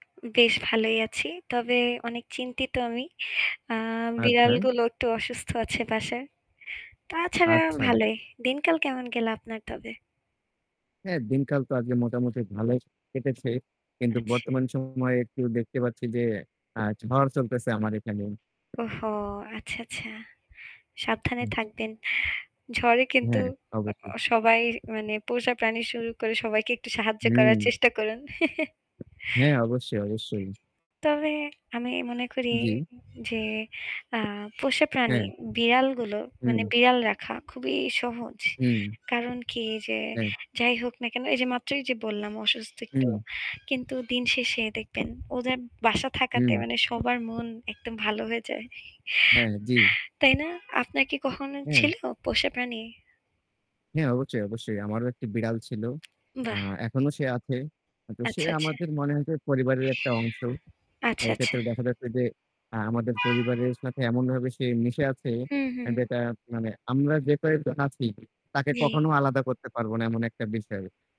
বেশ ভালোই আছি। তবে অনেক চিন্তিত আমি। আ আচ্ছা। বিড়ালগুলো একটু অসুস্থ আছে বাসায়। তাছাড়া আচ্ছা। ভালোই। দিনকাল কেমন গেল আপনার তবে? হ্যাঁ দিনকাল তো আজকে মোটামুটি ভালই কেটেছে। কিন্তু আচ্ছা। বর্তমান সময়ে একটু দেখতে পাচ্ছি যে আ ঝড় চলতেছে আমার এখানে। ওহো আচ্ছা, আচ্ছা। সাবধানে আচ্ছা। থাকবেন। ঝড়ে কিন্তু হ্যাঁ, অবশ্যই। অ সবাই মানে পোষা প্রাণী শুরু করে সবাইকে একটু সাহায্য করার হুম। চেষ্টা করুন। হ্যাঁ। অবশ্যই, অবশ্যই। তবে আমি মনে করি জি। যে আ পোষা প্রাণী হ্যাঁ। বিড়ালগুলো মানে হুম। বিড়াল রাখা খুবই সহজ। হুম। কারণ কি যে হ্যাঁ। যাই হোক না কেন, এই যে মাত্রই যে বললাম অসুস্থ একটু, হুম। কিন্তু দিন শেষে দেখবেন ওদের বাসা থাকাতে হুম। মানে সবার মন একদম ভালো হয়ে যায়। হ্যাঁ, জি। তাই না? আপনার কি কখনো হ্যাঁ। ছিল পোষা প্রাণী? হ্যাঁ। অবশ্যই অবশ্যই। আমারও একটি বিড়াল ছিল। আ বাহ। এখনো সে আছে। তো সে আচ্ছা, আচ্ছা। আমাদের মনে হয়েছে পরিবারের একটা অংশ। আচ্ছা, আচ্ছা। এক্ষেত্রে দেখা যাচ্ছে যে আ আমাদের পরিবারের সাথে এমনভাবে সে মিশে আছে হুম, হুম। যেটা মানে আমরা যে কয়েকজন আছি তাকে জি। কখনো আলাদা করতে পারব না এমন একটা বিষয়।